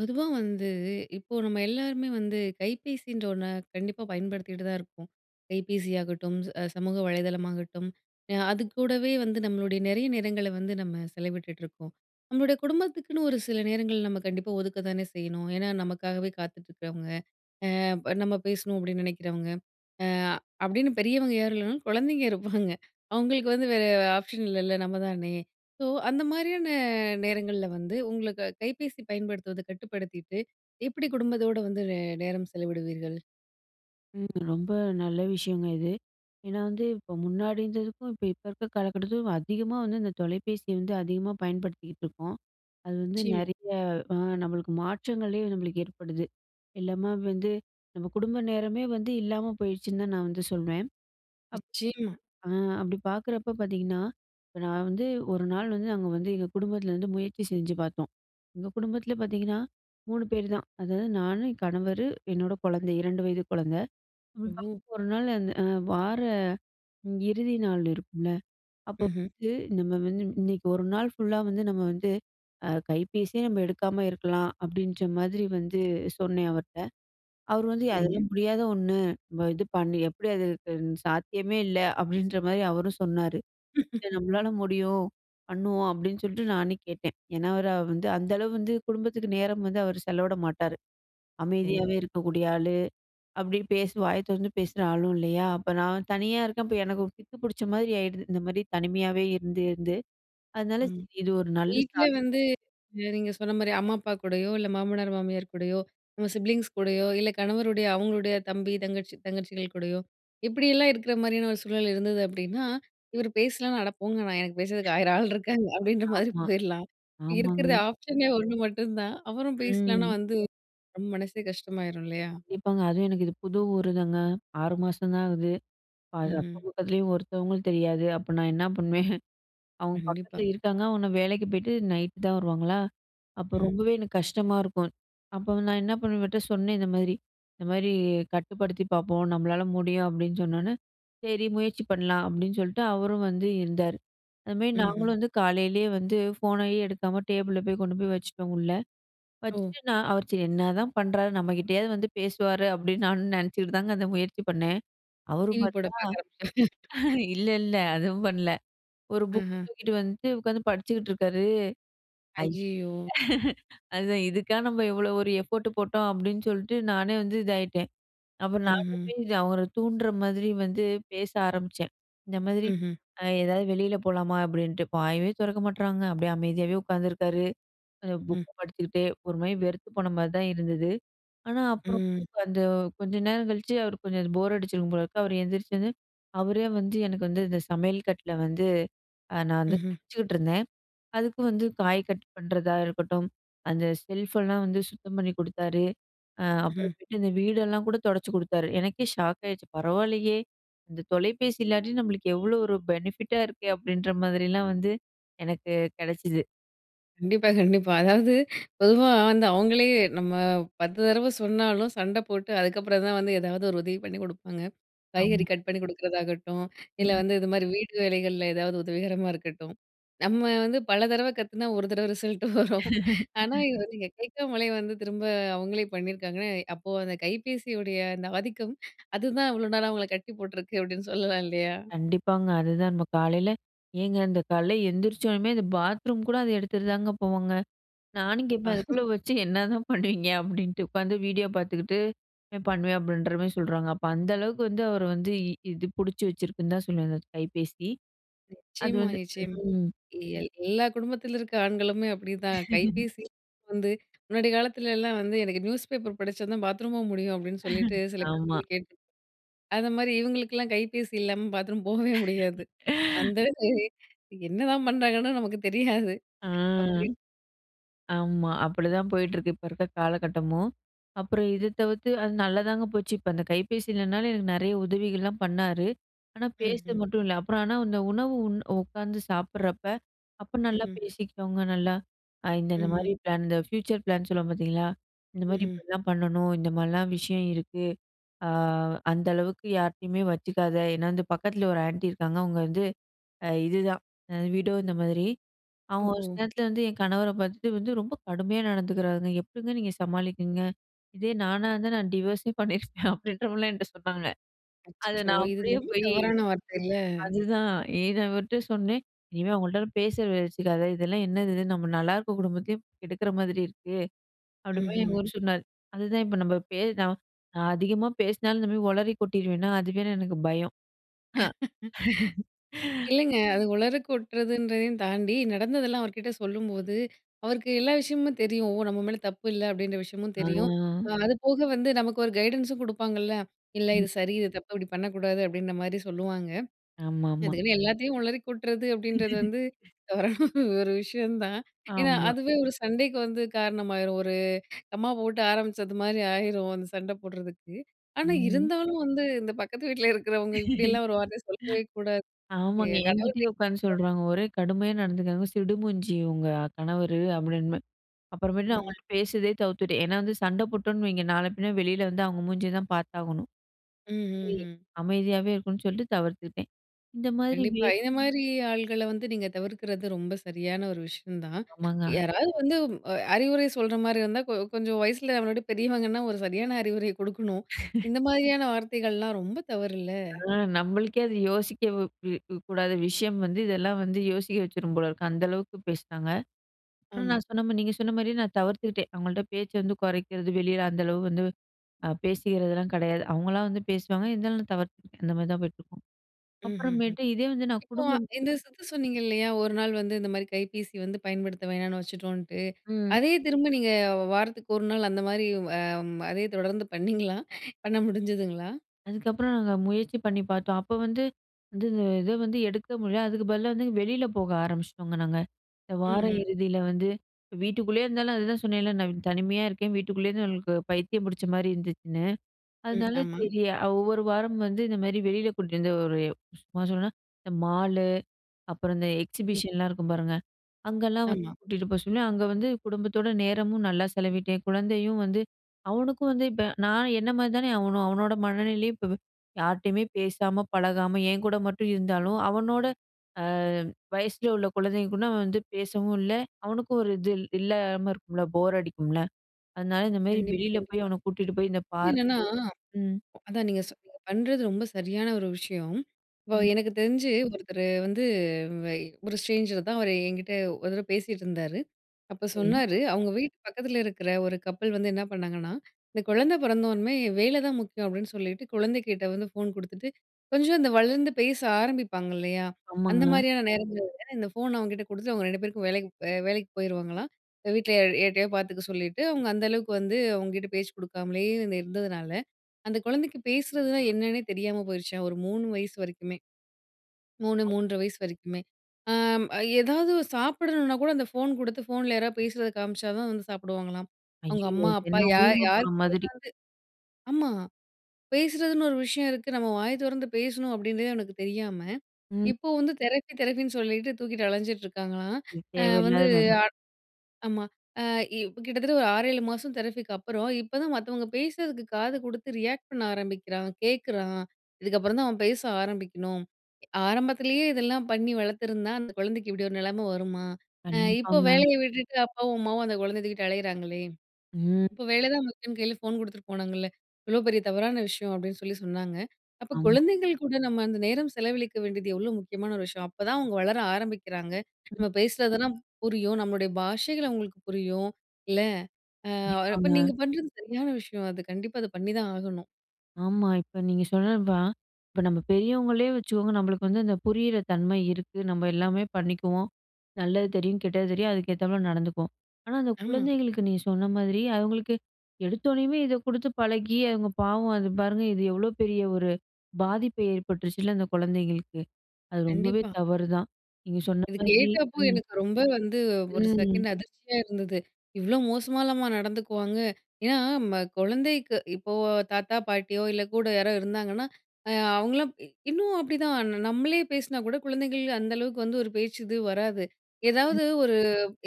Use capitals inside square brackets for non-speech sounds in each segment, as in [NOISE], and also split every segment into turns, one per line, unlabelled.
பொதுவா வந்து, இப்போ நம்ம எல்லாருமே வந்து கைபேசின்ற ஒண்ண கண்டிப்பா பயன்படுத்திட்டு தான் இருப்போம். கைபேசியாகட்டும், ச சமூக வலைதளமாகட்டும், அ அதுக்கூடவே வந்து நம்மளுடைய நெறைய நேரங்கள வந்து நம்ம செலவிட்டுட்ருக்கோம். நம்மளுடைய குடும்பத்துக்குன்னு ஒரு சில நேரங்கள் நம்ம கண்டிப்பா ஒதுக்க தானே செய்யணும். ஏன்னா, நமக்காகவே காத்துட்டு இருக்றவங்க, அ ப நம்ம பேசணும் அப்டின்னு நெனைக்கிறவங்க. அ அப்டின்னு பெரியவங்க யாரு இல்லனாலும், குழந்தைங்க இருப்பாங்க. [CHUCKLES] அவங்களுக்கு வந்து வேற ஆப்ஷன் இல்லல நம்ம தானே. ஸோ, அந்த மாரியான நேரங்கள்ல வந்து உங்களுக்கு கைபேசி பயன்படுத்துவத கட்டுப்படுத்திட்டு, எப்டி குடும்பத்தோடு வந்து நே நேரம் செலவிடுவீர்கள்?
ம், ரொம்ப நல்ல விஷயங்க இது, ஏனா வந்து இப்போ முன்னாடி இருந்ததுக்கும் இப்ப இப்ப இருக்க காலகட்டத்துக்கும் அதிகமா வந்து இந்த தொலைபேசிய வந்து அதிகமா பயன்படுத்திகிட்ருக்கோம். அது வந்து
நிச்சயமா.
நிறைய அ நம்மளுக்கு மாற்றங்களே நம்ளுக்கு ஏற்படுது, எல்லாம வந்து நம்ம குடும்ப நேரமே வந்து இல்லாம போயிருச்சுன்னு தான் நான் வந்து சொல்வேன். அப்
நிச்சயமா.
அ அப்டி பாக்குறப்ப பாத்தீங்கன்னா, இப்ப நான் வந்து ஒரு நாள் வந்து நாங்க வந்து, எங்க குடும்பத்துல வந்து முயற்சி செஞ்சு பாத்தோம். எங்க குடும்பத்ல பாத்தீங்கன்னா, 3 பேரு தான். அது நானு, என் கணவரு, என்னோட குழந்தை 2 வயது குழந்த அப்டி
ஓ.
ஒரு நாள் அந்த வார இறுதி நாள் இருக்கும்ல, அப்போ
ம்ஹ்ம்.
வந்து நம்ம வந்து இன்னைக்கு 1 நாள் ஃபுல்லா வந்து நம்ம வந்து அ கைபேசியே நம்ம எடுக்காம இருக்கலாம். அப்டின்ற மாதிரி வந்து சொன்னேன் அவர்ட்ட. அவரு வந்து
சரிங்க.
அதெல்லாம் முடியாத ஒண்ணு, இது பண்ணி எப்டி அது சாத்தியமே இல்ல அப்டின்ற மாரி அவரும் சொன்னாரு, இது
[LAUGHS]
நம்மளால முடியும் பண்ணுவோம். அப்டின்னு சொல்லிட்டு நானே கேட்டேன். ஏனா அவரு வந்து, அந்த அளவு வந்து குடும்பத்துக்கு நேரம் வந்து அவரு செலவிட மாட்டாரு. அமைதியாவே
ஓ!
இருக்கக்கூடிய ஆளு, அப்டி பேசு வாய தொறந்து பேசுற ஆளும் இல்லையா. அப்ப நான் தனியா இருக்கப்ப எனக்கு பித்து பிடிச்ச மாரி ஆயிடுது. இந்த மாரி தனிமையாவே இருந்து, இருந்து அதனால
ம்,
சரி, இது ஒரு நல்ல ஸ்டா
வீட்லயே வந்து நீங்க சொன்ன மாரி அம்மா, அப்பா கூடயோ இல்ல மாமனார், மாமியார் கூடயோ நம்ம சிப்லிங்ஸ் கூடயோ, இல்ல கணவருடைய அவுங்களுடைய தம்பி, தங்கச்சி தங்கச்சிகள் கூடயோ இப்டியெல்லாம் இருக்ற மாரியான ஒரு சூழல் இருந்தது அப்டின்னா, இவர் பேசலனா? அட போங்க நான் எனக்கு பேசுறதுக்கு
[CHUCKLES]
1000 ஆள் இருக்காங்க. அப்டின்ற மாரி
ஆமா,
போயிறலாம். இருக்குறது
ஆமாங்க.
ஆப்ஷனே ஒண்ணு மட்டுந்தான், அவரும் பேசலனா
ம்.
வந்து நம்ம மனசே கஷ்டமாயிரும் இல்லையா?
கண்டிப்பாங்க, அதுவும் எனக்கு இது புது ஊரு தாங்க 6 மாசம் தான் ஆகுது. அது
ம்ஹ்ம்.
அக்கம் பக்கத்துலயும் ஒருத்தவங்களும் தெரியாது. அப்ப நான் என்ன பண்ணுவேன்? [CHUCKLES] அவங்க
கண்டிப்பா.
பக்கத்துல இருக்காங்க ஆனா, வேலைக்கு போய்ட்டு நைட்‌ தான் வருவாங்களா, அப்ப
ம்.
ரொம்பவே எனக்கு கஷ்டமா இருக்கும். அப்போ நான் என்ன பண்ணுவேன், இவர்டட சொன்னேன் இந்த மாதிரி. இந்த மாரி கட்டுப்படுத்தி பாப்போம். நம்மளால முடியும், அப்டின்னு சொன்னோனே சரி, முயற்சி பண்ணலாம் அப்டின்னு சொல்லிட்டு அவரும் வந்து இருந்தாரு. அந்த மாரி
ம்ஹ்ம்.
நாங்களும் வந்து காலையிலேயே வந்து ஃபோனையே எடுக்காம டேபிள்ல போய் கொண்டு போய் வச்சுட்டோம் உள்ள,
ஓ.
வச்சுட்டு நான் அவர் சரி என்னதான் பண்றாரு நம்ம கிட்டேயாவது வந்து பேசுவாரு, அப்டின்னு நானும் நெனச்சிக்கிட்டு தாங்க அந்த முயற்சி பண்ணேன். அவரு
டிவி போட
பாத்தா,
பாக்க ஆரம்பிச்சீங்க.
இல்ல இல்ல அதுவும் பண்ணல. ஒரு புக்க
ம்ஹ்ம்.
தூக்கிட்டு வந்துட்டு உட்காந்து படிச்சுக்கிட்ருக்காரு, அய்
அய்யயோ!
அதுதான் இதுக்கா நம்ம இவ்வளோ ஒரு எஃபோட்டு போட்டோம், அப்டின்னு சொல்லிட்டு நானே வந்து இதாயிட்டேன். அப்பறம் நானே
ம்ஹ்ம்.
போய் அவர தூண்டுற மாதிரி வந்து பேச ஆரம்பிச்சேன். இந்த மாதிரி,
ம்ஹ்ம்.
அ ஏதாவது வெளியில போலாமா? அப்டின்ட்டு வாயே தெறக்க மாட்றாங்க அப்டியே அமைதியாவே உட்காந்துருக்காரு. அ
ம்,
புக்க
ம்.
படிச்சுக்கிட்டே, ஒரு மாரி வெறுத்து போன மாரி தான் இருந்தது. ஆனா அப்பறம்
ம்.
வந்து அந்த கொஞ்சம் நேரம் கழிச்சு அவருக்கு கொஞ்சம் போர் அடிச்சிருக்கும் போல இருக்கு, அவர் எந்திரிச்சு வந்து அவரே வந்து எனக்கு வந்து இந்த சமையல் கட்டுல வந்து, அ நான் வந்து
ம்ஹ்ம்.
சமச்சிக்கிட்ருந்தேன் அதுக்கு வந்து காய் கட் பண்ணுறதா இருக்கட்டும், அந்த செல்ஃபெல்லாம் வந்து சுத்தம் பண்ணி குடுத்தாரு, அ
ம்ஹ்ம்.
அப்றமேட்டு இந்த வீடெல்லாம் கூட தொடச்சு குடுத்தாரு. எனக்கே ஷாக் ஆயிடுச்சு பரவாயில்லையே, இந்த தொலைபேசி இல்லாட்டி நம்மளுக்கு எவ்ளோ ஒரு பெனிஃபிட்டா இருக்கே அப்டின்ற மாரிலாம் வந்து எனக்கு கெடச்சிது.
கண்டிப்பா, கண்டிப்பா, அதாவது பொதுவா வந்து அவுங்களே நம்ம 10 தடவ சொன்னாலும். சண்ட போட்டு அதுக்கப்புறந்தான் வந்து ஏதாவது ஒரு உதவி பண்ணி கொடுப்பாங்க. காய்கறி
ஆமா.
கட் பண்ணி குடுக்குறதாகட்டும். இல்ல
ம்.
வந்து இதுமாரி வீட்டு வேலைகள்ல ஏதாவது உதவிகரமா இருக்கட்டும். நம்ம வந்து பல தடவை கத்துனா ஒரு தடவ ரிசல்ட் வரும் ஆனா
[LAUGHS]
இது வந்து கேக்காமலே வந்து திரும்ப அவுங்களே பண்ணியிருக்காங்கன்னா, அப்போ அந்த கைபேசியுடைய அந்த ஆதிக்கம். அதுதான் இவ்ளோ நாளா அவங்கள கட்டி போட்டிருக்கு. அப்பிடின்னு சொல்லலாம் இல்லயா
கண்டிப்பாங்க. அதுதான் நம்ம காலையில, ஏங்க இந்த காலையில எந்திரிச்சோனம்மே, அந்த பாத்ரூம் கூட அத எடுத்துட்டு தாங்க போவாங்க. நானும் கேப்பேன்,
[UNINTELLIGIBLE]
அதுக்குள்ள வச்சு என்னதான் பண்ணுவீங்க? அப்பிடின்ட்டு உட்காந்து வீடியோ பார்த்துக்கிட்டு பண்ணுவேன். அப்பிடின்ற மாரி சொல்றாங்க. அப்ப அந்த அளவுக்கு வந்து அவர வந்து இது பிடிச்சு வச்சிருக்குன்னு தான் சொல்லுவேன். அந்த கைபேசி அது
நிச்சயமா,
வந்து
நிச்சயமா,
ம்.
எல் எல்லா குடும்பத்தில இருக்கிற ஆண்களுமே அப்பிடிதான்.
[LAUGHS]
கைபேசி வந்து முன்னாடி காலத்துலலாம் வந்து எனக்கு நியூஸ் பேப்பர் படிச்சா தான் பாத்ரூமும் முடியும். அப்பிடின்னு சொல்லிட்டு
[LAUGHS]
சில பேர்
ஆமா.
சொல்லி கேட்டு. அந்தமாரி இவுங்களுக்கெல்லாம் கைபேசி இல்லாம பாத்ரூம் போகவே முடியாது
[LAUGHS]
அந்த [UNINTELLIGIBLE] என்னதான் பண்ணுறாங்கன்னு நமக்கு தெரியாது
ஆ,
அப்பிடி.
ஆமா அப்பிடிதான் போயிட்ருக்கு. இப்ப இருக்க காலகட்டமும். அப்புறம் இத தவிர்த்து. அது நல்லாதாங்க போச்சு. இப்ப அந்த கைபேசி இல்லனாலும் எனக்கு நிறைய உதவிகள்லாம் பண்ணாரு, ஆனா பேச
ம்ஹ்ம்.
மட்டும் இல்ல அப்புறம் ஆனா அந்த உணவு உண் உட்காந்து சாப்பிட்றப்போ, அப்ப நல்லா
ம்ஹ்ம்.
பேசிக்கிட்டோங்க, நல்லா அ இந்த,
ம்ஹ்ம்
இந்தமாரி பிளான் இந்த ஃபியூச்சர் பிளான் சொல்லுவோம் பார்த்தீங்களா! இந்தமாரி
ம்ஹ்ம்.
இப்பிடிதான் பண்ணணும். இந்த மாரிலாம் விஷயம் இருக்கு. அ அந்த அளவுக்கு யார்ட்டயுமே வச்சுக்காத! ஏன்னா இந்த பக்கத்தில ஒரு ஆன்ட்டி இருக்காங்க. அவுங்க வந்து அ இதுதான் வீடோ இந்த மாதிரி அவுங்க, ஒரு
ஓஹோ!
சில நேரத்தில வந்து என் கணவர பார்த்துட்டு வந்து ரொம்ப கடுமையா நடந்துக்கிறாருங்க. எப்பிடிங்க நீங்க சமாளிக்குறீங்க? இதே நானா இருந்தா. நான் டிவர்ஸே பண்ணியிருப்பேன். அப்பிடின்றமாரிலாம் என்ட்ட சொன்னாங்க அத
அச்சச்சோ!
நான்
இது
அப்பிடியே
ரொம்ப
போய்
தவறான வார்த்தைல.
அதுதான் ஏன் அவர்ட்ட சொன்னேன். இனிமே அவுங்கள்ட்ட பேச்சு வச்சிக்காத! இதெல்லாம் என்னது இது? நம்ம நல்லாயிருக்கிற குடும்பத்தையும் கெடுக்கிற மாதிரி இருக்கு. அப்பிடி போய்
ம்ஹ்ம்.
இவரு சொன்னாரு. அதுதான் இப்போ நம்ம பே நான் அதிகமா பேசினாலும் இந்தமாரி உளறி கொட்டிருவேன்னா, அதுவே எனக்கு பயம்
[LAUGHS]
[LAUGHS]
இல்லங்க, அது உளறி கொட்டுறதுன்றதையும் தாண்டி, நடந்ததெல்லாம் அவர்கிட்ட சொல்லும்போது. அவருக்கு எல்லா விஷயமும் தெரியும். ஓ! நம்ம மேல தப்பு இல்ல அப்பிடின்ற விஷயமும்
ஆ
தெரியும். அ அதுபோக வந்து நமக்கு ஒரு கைடன்ன்ஸும் குடுப்பாங்கல்ல. இல்ல
ம்.
இது சரி, இது தப்பு, இப்பிடி பண்ணக்கூடாது அப்பிடின்ற மாரி சொல்லுவாங்க.
ஆமா, ஆமா.
அதுக்குன்னு எல்லாத்தையும் உளறி கொட்டுறது அப்பிடின்றது வந்து
[LAUGHS]
[UNINTELLIGIBLE] ஒரு விஷயம் தான் ஏன்னா,
ஆமா
அதுவே ஒரு சண்டைக்கு வந்து காரணமாயிரும். ஒரு கமா போட்டு ஆரம்பிச்சதுமாரி ஆயிரும். அந்த சண்ட போடுறதுக்கு. ஆனா
ம்.
இருந்தாலும் வந்து இந்த பக்கத்து வீட்டில இருக்கிறவங்க
[LAUGHS]
இப்படியெல்லாம் ஒரு வார்த்தைய சொல்லவே கூடாது
ஆமாங்க, என்கிட்டேயே உட்கார்ந்து
[UNINTELLIGIBLE]
சொல்றாங்க. ஒரே கடுமையா நடந்துக்கிறாங்க. சிடுமூஞ்சி உங்க கணவரு. அப்பிடின்றமாரி அப்புறமேட்டு நான்
ம்.
அவுங்கள்ட்ட பேசுறதே தவிர்த்துட்டேன். ஏன்னா, வந்து சண்ட போட்டோன்னு வைங்க. நாள பின்ன வெளில வந்து அவங்க மூஞ்சிய தான் பார்த்தாகணும்
ம், ம்,
[UNINTELLIGIBLE]
ம்.
அமைதியாவே இருக்கணும் சொல்ட்டு தவிர்த்துட்டேன். இந்த மாதிரி வே
கண்டிப்பா. இந்த மாரி ஆள்கள வந்து, நீங்க தவிர்க்கிறது ரொம்ப சரியான ஒரு விஷயம் தான்.
ஆமாங்க.
யாராவது வந்து அ அறிவுரை சொல்றமாரி இருந்தா கொ கொஞ்சம் வயசில [UNINTELLIGIBLE] பெரியவங்கன்னா, ஒரு சரியான அறிவுரை கொடுக்கணும்.
[LAUGHS]
இந்த மாதிரியான வார்த்தைகள்லாம் ரொம்ப தவறு இல்ல.
அ நம்மளுக்கே அது யோசிக்க கூ கூடாத விஷயம் வந்து இதெல்லாம் வந்து யோசிக்க வச்சுரும் போல இருக்கு. அந்த அளவுக்கு பேசுனாங்க. ஆனா,
ஆமா.
நான் சொன்ன மாதிரி, நீங்க சொன்ன மாரியே நான் தவிர்த்துக்கிட்டேன். அவுங்கள்ட்ட பேச்ச வந்து குறைக்கிறது வெளில அந்த அளவு வந்து அ பேசிக்கிறதெல்லாம் கிடையாது. அவுங்களா வந்து பேசுவாங்க. இருந்தாலும் நான் தவிர்த்து அந்தமாரி தான் போயிட்டுருக்கும்.
ம், ம், ம்.
அப்புறமேட்டு இதே வந்து நான்
இப்போ
குடும்பம்
இந்த சுத்து சொன்னீங்க இல்லயா! ஒரு நாள் வந்து இந்தமாரி கைபேசி வந்து பயன்படுத்த வேணான்னு வச்சுட்டோன்ட்டு.
ம்
அதே திரும்ப நீங்க வாரத்துக்கு ஒரு நாள் அந்தமாரி வ ம் அதே தொடர்ந்து பண்ணீங்களா? பண்ண முடிஞ்சுதுங்களா?
அதுக்கப்புறம் நாங்க முயற்சி பண்ணி பார்த்தோம். அப்ப வந்து வந்து இத வந்து எடுக்க முடியல, அதுக்கு பதிலா வந்து வெளியில போக ஆரம்பிச்சிட்டோங்க நாங்க. இந்த வார
ம்ஹ்ம்.
இறுதியில வந்து வீட்டுக்குள்ளயே இருந்தாலும் அதுதான் சொன்னேன்ல, நான் தனிமையா இருக்கேன். வீட்டுக்குள்ளயே இருந்து [UNINTELLIGIBLE] பைத்தியம் பிடிச்சமாரி இருந்துச்சுன்னு.
ம்.
அதனால
ஆமா.
சரி அ ஒவ்வொரு வாரமும் வந்து இந்தமாரி வெளில கூட்டிட்டு வந்து, ஒரு சும்மா சொண்ணோன்னா, இந்த மாலு, அப்புறம் இந்த
ம்.
எக்ஸிபிஷன்லாம் இருக்கும் பாருங்க. அங்கலாம் வந்து
ஆமா.
கூட்டிட்டு போக சொல்லி, அங்க வந்து குடும்பத்தோட நேரமும் நல்லா செலவிட்டேன். குழந்தையும் வந்து அவனுக்கும் வந்து இப்ப நான் என்னமாரி தானே அவனும், அவனோட மனநிலையும் இப்ப யார்ட்டயுமே பேசாம, பழகாம, என்கூட மட்டும் இருந்தாலும், அவனோட அ வயசில உள்ள குழந்தைங்க கூட அவன் வந்து பேசவும் இல்ல. அவனுக்கும் ஒரு இது இல்லாம இருக்கும்ல, போர் அடிக்கும்ல. அதனால இந்த மாரி
கண்டிப்பா,
வெளியில போய்
கண்டிப்பா
அவன கூட்டிட்டு போய் இந்த பார்க்
என்னன்னா,
ம்.
அதான் நீங்க சொ பண்ணுறது ரொம்ப சரியான ஒரு விஷயம். இப்போ
ம்.
எனக்கு தெரிஞ்சு ஒருத்தரு வந்து, ஒரு ஸ்ட்ரேஞ்சர் தான். அவர் என்கிட்ட ஒரு தடவ பேசிட்டு இருந்தாரு. அப்ப
சரி.
சொன்னாரு அவுங்க வீட்டு பக்கத்தில இருக்கிற ஒரு கப்புள் வந்து என்ன பண்ணாங்கன்னா, இந்த குழந்தை பிறந்ததோன்ம்மே வேல தான் முக்கியம் அப்பிடின்னு சொல்லிட்டு குழந்தை கிட்ட வந்து, ஃபோன் கொடுத்துட்டு கொஞ்சம் இந்த வளர்ந்து பேச ஆரம்பிப்பாங்க இல்லயா!
ஆமாங்க.
அந்தமாரியான நேரங்கள்ல இந்த ஃபோன அவன்கிட்ட குடுத்துட்டு, அவுங்க 2 பேருக்கும் வேலைக்கு பே வேலைக்கு போயிருவாங்களாம்! வீட்ல எ யாருட்டையாவது பார்த்துக்க சொல்லிட்டு, அவுங்க அந்த அளவுக்கு வந்து அவுங்ககிட்ட பேச்சு கொடுக்காமலயே இருந்ததுனால, அந்த குழந்தைக்கு பேசறதுனா என்னன்னே தெரியாம போயிடுச்சாம். ஒரு 3 வயசு வரைக்குமே, 3, 3 1/2 வயசு வரைக்குமே. அ எதாவது சாப்பிடணுனா கூட அந்த ஃபோன் கொடுத்து ஃபோன்ல யாராவது பேசுறத காமிச்சா தான் வந்து சாப்பிடுவாங்களாம். அவங்க
ஐயயோ!
அம்மா,
இது
அப்பா
எல்லாம்
யா
ஊம படம்
யார்க்கிட்டயாவது
மாதிரி.
ஆமா, பேசறதுன்னு ஒரு விஷயம் இருக்கு. நம்ம வாய தொறந்து பேசணும் அப்பிடின்றதே அவனுக்கு தெரியாம,
ம்.
இப்போ வந்து தெரப்பி, தெரப்பின்னு சொல்லிட்டு தூக்கிட்டு அலஞ்சிட்டு இருக்காங்களாம்.
இது
அ வந்து
தேவையில்லாத வேல.
ஆட் ஆமா, அ இ கிட்டத்தட்ட ஒரு 6, 7 மாதம் தெரபிக்கு அப்புறம். இப்ப தான் மத்தவங்க பேசறதுக்கு காது கொடுத்து ரியாக்ட் பண்ண ஆரம்பிக்கிறான். கேட்கிறான். இதுக்கப்புறம் தான் அவன் பேச ஆரம்பிக்கணும். ஆரம்பத்திலயே இதெல்லாம் பண்ணி வளர்த்திருந்தா, அந்த குழந்தைக்கு இப்படி ஒரு நிலமை வருமா? அ இப்போ
கண்டிப்பாங்க.
வேலயை விட்டுட்டு, அப்பாவும், அம்மாவும் அந்த குழந்தைய தூக்கிட்டு அலையிறாங்களே!
ம்.
இப்போ வேல தான் முக்கியம்ன்னு கையில ஃபோன் குடுத்துட்டு போனாங்கல்ல, இவ்ளோ பெரிய தவறான விஷயம் அப்பிடின்னு சொல்லி சொன்னாங்க. அப்போ
ஆமா.
குழந்தைங்கள் கூட நம்ம அந்த நேரம் செலவழிக்க வேண்டியது எவ்ளோ முக்கியமான ஒரு விஷயம். அப்ப தான் அவங்க வளர ஆரம்பிக்கிறாங்க.
ம்.
நம்ம பேசுறதெல்லாம் புரியும். நம்மளுடைய பாஷைகள் அவுங்களுக்கு புரியும். இல்ல, அ அப்போ
கண்டிப்பாங்க.
நீங்க பண்றது சரியான விஷயம். அது கண்டிப்பா அத பண்ணிதான் ஆகணும்.
ஆமா. இப்ப நீங்க சொன்னது தான். இப்ப, நம்ப பெரியவங்களே வச்சுக்கோங்க நம்பளுக்கு வந்து அந்த புரியிற தன்மை இருக்கு. நம்ப எல்லாமே பண்ணிக்குவோம். நல்லது தெரியும், கெட்டது தெரியும் அதுக்கேத்தாப்ல நடந்துக்குவோம். ஆனா, அந்த
ஆமா.
குழந்தைகளுக்கு நீங்க சொன்ன மாதிரி, அவங்களுக்கு எடுத்தோனேயுமே இத குடுத்து பழகி அவங்க பாவம் அது பாருங்க, இது எவ்வளோ பெரிய ஒரு பாதிப்பு ஏற்பட்டுருச்சுல்ல, அந்த குழந்தைங்களுக்கு. அது ரொம்பவே
கண்டிப்பா.
தவறுதான், நீங்க சொன்ன
இத
மாரி
கேட்டப்ப
ம்.
எனக்கு ரொம்ப வந்து ஒரு
ம்.
செகண்ட் அதிர்ச்சியா இருந்தது. இவ்ளோ மோசமாலாமா நடந்துக்குவாங்க? ஏன்னா, ம குழந்தைக்கு இப்போ தாத்தா, பாட்டியோ இல்ல கூட யாரோ இருந்தாங்கன்னா, அ அவங்கலாம் இ இன்னும் அப்படிதான், ந நம்பளே பேசுனா கூட குழந்தைகள் அந்த அளவுக்கு வந்து ஒரு பேச்சு இது வராது.
ம்.
ஏதாவது ஒரு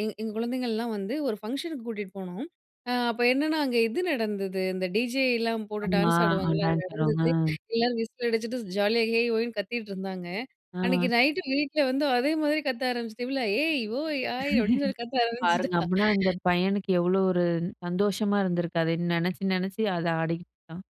எங் எங்க குழந்தைங்கள்லாம் வந்து ஒரு ஃபங்க்ஷனுக்கு கூட்டிட்டு போனோம். அ அப்ப என்னன்னா, அங்கே இது நடந்தது, இந்த டிஜேயிலாம் போட்டு
ஆமா.
டான்ஸ்
அ
ஆடுவாங்கல்ல, அது
டான்ஸ் ஆடுவாங்க.
நடந்தது. எல்லோரும் விசில் அடிச்சுட்டு ஜாலியா "ஹேய்! ஓய்ன்னு!" கத்திக்கிட்டு இருந்தாங்க. அன்னைக்கு
அ.
நைட் வீட்ல வந்து அதே மாரி கத்த ஆரமிச்சது, இவள்ல "ஏய்! ஓய்! ஹாய்!" அப்படின்னு சொல்லி கத்த
[LAUGHS] பாருங்க,
ஆரம்பிச்சிட்டா.
அப்டீன்னா அந்த பையனுக்கு எவ்ளோ ஒரு சந்தோஷமா இருந்திருக்கு அதை நினைச்சு, நினைச்சு, அத ஆடிக்கிட்டு இருக்கான்.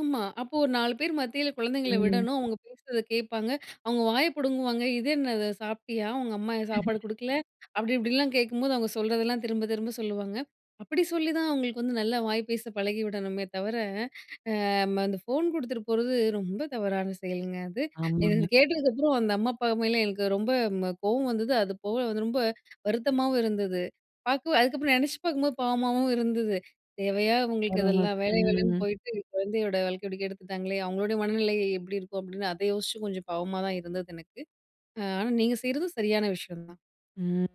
ஆமா. அப்போ ஒரு 4 பேர் மத்தியில குழந்தைங்களை
ம்.
விடணும், அவங்க பேசுறத கேட்பாங்க. அவுங்க வாய பிடுங்குவாங்க. "இது என்னது சாப்பிட்டியா? உங்க அம்மா ஏன் சாப்பாடு
[LAUGHS]
குடுக்கல?" அப்படி, இப்படிலாம் கேட்கும்போது அவங்க சொல்றதெல்லாம் திரும்ப-திரும்ப சொல்லுவாங்க. அப்படி சொல்லி தான் அவுங்களுக்கு வந்து நல்லா வாய் பேச பழகி விடணுமே தவிர, அம் அந்த ஃபோன் குடுத்துட்டு போறது, ரொம்ப தவறான செயல்ங்க அது. இது இது
ஆமாங்க.
கேட்டதுக்கப்புறம், அந்த அம்மா, அப்பா மேல எனக்கு ரொம்ப ம் அ கோவம் வந்தது, அது போக வந்து ரொம்ப வருத்தமாவும் இருந்தது. பார்க்கு அதுக்கப்புறம், நெனைச்சு பார்க்கும்போது பாவமாகவும் இருந்தது. "தேவையா உங்களுக்கு
வரவுங்க
இதெல்லாம் வேலை-வேலைன்னு
ம்.
போயிட்டு குழந்தையோட வாழ்க்கைய இப்படி கெடுத்துட்டாங்களே! அவங்களுடைய மனநிலை எ எப்படி இருக்கும்?"அப்படின்னு, அத யோசிச்சு கொஞ்சம் பாவமா தான் இருந்தது, எனக்கு. அ ஆனா, நீங்க செய்யுறதும் சரியான விஷயம் தான்.
ம்.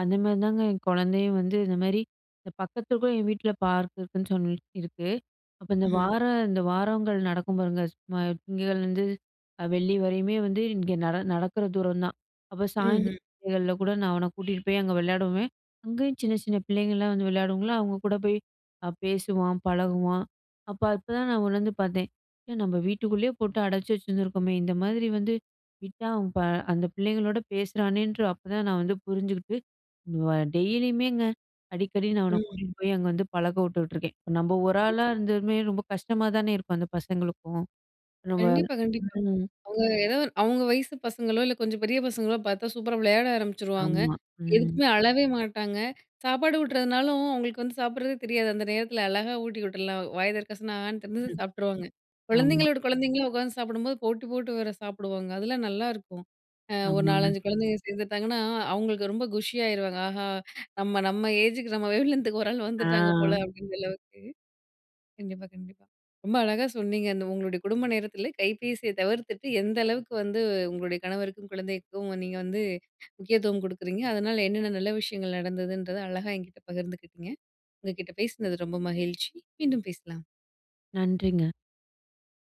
அந்த மாரிதாங்க என் கொழந்தையும் வந்து, இந்தமாரி இந்த பக்கத்துக்கும் என் வீட்ல பார்க் இருக்குன்னு சொல்லி இருக்கு. அப்போ இந்த
ம்ஹ்ம்.
வார, இந்த வாரங்கள் நடக்கும் பாருங்க, சும்மா திங்கட்கிழமையில இருந்து அ வெள்ளி வரையுமே வந்து, இங்க நட நடக்குற தூரம் தான். அப்ப
ம்ஹ்ம்.
சாயந்தர [UNINTELLIGIBLE] கூட நான் அவன கூட்டிட்டு போய் அங்க விளையாடுவேன். அங்கேயும் சின்ன, சின்ன பிள்ளைங்கள்லாம் வந்து விளையாடுங்களா? அவுங்க கூட போய் அ பேசுவான், பழகுவான். அப்போ இப்பதான் நான் உணர்ந்து பார்த்தேன். ஏன் நம்ம வீட்டுக்குள்ளயே போட்டு அடச்சி வச்சிருந்துருக்கோமே! இந்தமாரி வந்து விட்டா அவன் ப அந்த பிள்ளைங்களோட பேசுறானேன்ற அப்பதான் நான் வந்து புரிஞ்சுகிட்டு அவ டெய்லியுமேங்க. அடிக்கடி நான் அவன
ம்.
கூட்டிட்டு போய் அங்க வந்து பழக்க விட்டுட்ருக்கேன். இப்ப நம்ம ஒரு
[UNINTELLIGIBLE]
ஆளா இருந்துமே ரொம்ப கஷ்டமா தான இருக்கும். அந்த பசங்களுக்கும். நம்ம
கண்டிப்பா, கண்டிப்பா.
ம்.
அவுங்க எதோ அவுங்க வயசு பசங்களோ இல்ல, கொஞ்சம் பெரிய பசங்களோ, பார்த்தா சூப்பரா விளையாட ஆரம்பிச்சுருவாங்க.
ஆமா. ம்.
எதுக்குமே அழவே மாட்டாங்க. சாப்பாடு ஊட்றதுனாலும், அவுங்களுக்கு வந்து சாப்ட்றதே தெரியாது. அந்த நேரத்துல அழகா ஊட்டி விட்ருலாம். வாய தெறக்க சொன்னா, ஆன்னு
ம்.
[UNINTELLIGIBLE] சாப்பிட்ருவாங்க.
ஆமா.
கொழந்தைங்களோட கொழந்தைங்களா உக்காந்து சாப்பிடும்போது, போட்டி போட்டு வேற சாப்பிடுவாங்க. அதெல்லாம் நல்லாருக்கும். அ ஒரு
ஆமாங்க.
4, 5 கொழந்தைங்க சேர்ந்துட்டாங்கன்னா, அவுங்களுக்கு ரொம்ப குஷியாயிருவாங்க. ஆஹா! நம்ம நம்ம ஏஜுக்கு நம்ம வேவ்லென்த் க்கு ஒரு ஆள் வந்துட்டாங்க போல,
ஆ.
அப்பிடின்ற அளவுக்கு. கண்டிப்பா, கண்டிப்பா ரொம்ப அழகா சொன்னீங்க. அந்த உங்களுடைய குடும்ப நேரத்துல கைபேசிய தவிர்த்துட்டு, எந்த அளவுக்கு வந்து உங்களுடைய கணவருக்கும், குழந்தைக்கும் நீங்க வந்து முக்கியத்துவம் குடுக்குறீங்க. அதனால என்னென்ன நல்ல விஷயங்கள் நடந்ததுன்றத அழகா என்கிட்ட பகிர்ந்துக்கிட்டீங்க. உங்கக்கிட்ட பேசினது ரொம்ப மகிழ்ச்ச்சி. மீண்டும் பேசலாம்.
நன்றிங்க.